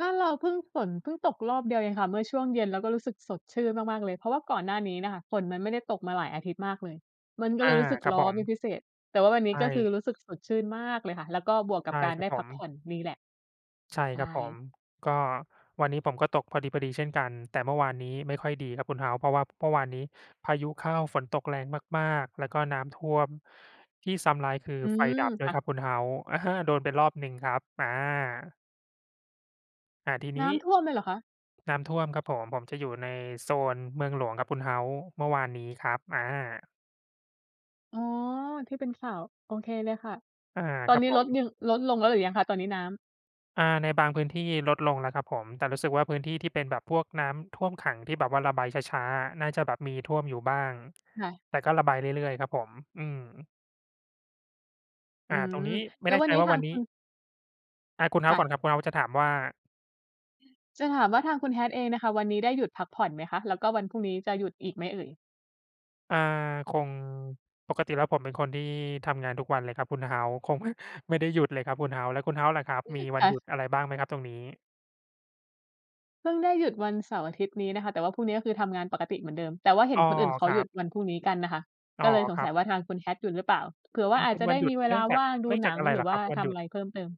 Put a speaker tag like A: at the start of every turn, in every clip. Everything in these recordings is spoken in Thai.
A: บ้านเราเพิ่ง ฝนเพิ่งตกรอบเดียวเองค่ะเมื่อช่วงเย็น เราก็รู้สึกสดชื่นมาก ๆ เลย เพราะว่าก่อนหน้านี้น่ะค่ะ ฝนมันไม่ได้ตกมาหลายอาทิตย์มากเลย มันก็
B: อ
A: เล
B: า
A: ยรู้สึก
B: ครั
A: ร
B: บ
A: ้
B: ผ
A: อน
B: ม
A: เป็นพิเศษ แต่ว่าวันนี
B: ใช
A: ้ก็คือ
B: ่
A: รู้สึกสดชื่นมากเลยค่ะ แล้วก็บวกก
B: ใ
A: ั
B: ช
A: บ
B: ่
A: การ
B: คร
A: ไ
B: ั
A: ด
B: บ
A: ้
B: ผ
A: พักผ่
B: ม
A: อนนี่แหละ
B: ใช่
A: ใช
B: ครับ
A: ่
B: ผม ก็วันนี้ผมก็ตกพอดี ๆ เช่นกัน แต่เมื่อวานนี้ไม่ค่อยดีครับคุณ House เพราะว่าเมื่อวานนี้พายุเข้าฝนตกแรงมาก ๆ แล้วก็น้ำท่วม ที่ซ้ำร้ายคือ
A: อื
B: ไฟ
A: ม
B: ดับด้
A: ค
B: ว
A: ่
B: ย
A: ะ
B: ครับคุณ House อะฮะ โดนไปรอบหนึ่งครับ อา อา ทีน
A: น
B: ี
A: ้
B: ้
A: ำท่วมเลยเหรอคะ?
B: น้ำท่วมครับผม ผมจะอยู่ในโซนเมืองหลวงครับคุณ House เมื่อวานนี้ครับ อา
A: อ๋อ ที่เป็นข่าว โอเคเลยค่ะ
B: อา
A: ตอ
B: ค
A: น
B: รับ
A: นี้
B: ผ
A: ลด
B: ม
A: ยัง ลดลงแล้วหรือยังคะตอนนี้น้ำ?
B: อา ในบางพื้นที่ลดลงแล้วครับผม แต่รู้สึกว่าพื้นที่ที่เป็นแบบพวกน้ำท่วมขัง ที่แบบว่าระบายช้า ๆ อะ น่าจะแบบมีท่วมอยู่บ้าง
A: ค่ะ
B: แต่ก็ระบายเรื่อย ๆ ครับผม อืม
A: อื
B: อา ต
A: ม
B: รงนี้ไม
A: แ
B: ่
A: ล้
B: แ
A: ว
B: น่
A: วั
B: ใ
A: น
B: จ
A: นี้
B: ว่า
A: ทา
B: วั
A: ง
B: นน
A: ค
B: ี
A: ุ
B: ้
A: ณ
B: อะ คุณ
A: ค่
B: House ก่อน
A: ะ
B: ครับ คุณ House จะถามว่า?
A: จะถามว่าทางคุณ Hat เองน่ะค่ะ วันนี้ได้หยุดพักผ่อนไหมคะ แล้วก็วันพรุ่งนี้จะหยุดอีกไหมเอ่ย?
B: อ่า คง ปกติแล้วผมเป็นคนที่ทำงานทุกวันเลยครับคุณ House คง ไม่ ไม่ได้หยุดเลยครับคุณ House แล้วคุณ House ล่ะครับ มีวั
A: ค
B: น
A: ่
B: ห
A: ะ
B: ยุดอะไรบ้างไหมครับตรงนี้?
A: เพิ่งได้หยุดวันเสาร์-อาทิตย์นี้นะคะ แต่ว่าพรุ่งนี้ก็คือทำงานปกติเหมือนเดิม แต่ว่าเห็
B: อ้
A: น
B: อ
A: คนอื่นเข
B: ค
A: า
B: ร
A: ห
B: ั
A: ยุ
B: บ
A: ดวันพรุ่งนี้กันน่ะค่ะ
B: อ๋
A: ก
B: อ
A: ็เลยส
B: ค
A: ง
B: รั
A: สั
B: บ
A: ยว่าทางคุณ Hat หยุดหรือเปล่า? เผื่อ
B: เ
A: ว
B: ป
A: ่า
B: ็น
A: อ
B: เ
A: า
B: ป
A: จ
B: ็น
A: จะ
B: ว
A: ได
B: ัน
A: ้
B: หยุ
A: ม
B: ด
A: ีเว
B: เนื
A: ล
B: ่
A: า
B: องจา
A: ว
B: ก
A: ่างดู
B: เนื่องจ
A: หน
B: าก
A: ัง
B: อะไร
A: ห
B: เ
A: รื
B: หร
A: อ
B: อ
A: ว
B: คร
A: ่า
B: ับวัน
A: ท
B: ห
A: ำ
B: ยุ
A: อะ
B: ด?
A: ไรเพิ่มเติม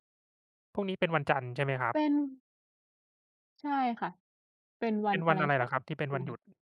B: พรุ่งนี้เป็นวันจันทร์ใช่ไหมครับ?
A: เป็น ใช่ค่ะ เป็นวั
B: เป็
A: น
B: น
A: อ
B: ว
A: ะ
B: ัน
A: ไร
B: อะไร
A: ส
B: เห
A: ั
B: ร
A: ก
B: อครับที่เป็น
A: อ
B: ว
A: ย
B: ัน
A: ่า
B: หยุ
A: ง
B: ด?